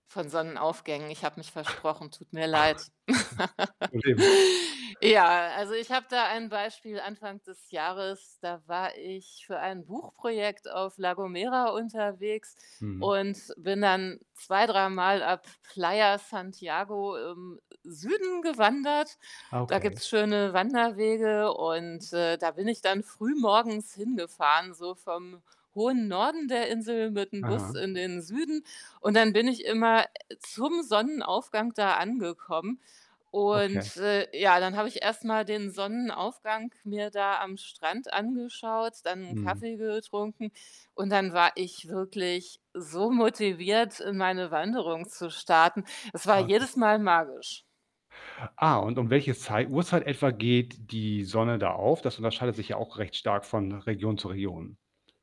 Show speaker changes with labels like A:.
A: Von Sonnenaufgängen. Ich habe mich versprochen, tut mir leid.
B: [unintelligible]
A: Ja, also, ich habe da ein Beispiel Anfang des Jahres, da war ich für ein Buchprojekt auf La Gomera unterwegs
B: Mhm.
A: und bin dann zwei dreimal ab Playa Santiago im Süden gewandert.
B: Ah,
A: Da
B: okay.
A: gibt's schöne Wanderwege und, äh, da bin ich dann früh morgens hingefahren, so vom hohen Norden der Insel mit'm Bus
B: Aha.
A: in den Süden. Und dann bin ich immer, äh, zum Sonnenaufgang da angekommen.
B: Okay.
A: Und, äh, ja, dann habe ich erstmal den Sonnenaufgang mir da am Strand angeschaut, dann 'n
B: Mhm.
A: Kaffee getrunken. Und dann war ich wirklich so motiviert, in meine Wanderung zu starten. Es war
B: [unintelligible]
A: jedes Mal magisch.
B: Ah, und um welche Zeit Uhrzeit etwa geht die Sonne da auf? Das unterscheidet sich ja auch recht stark von Region zu Region.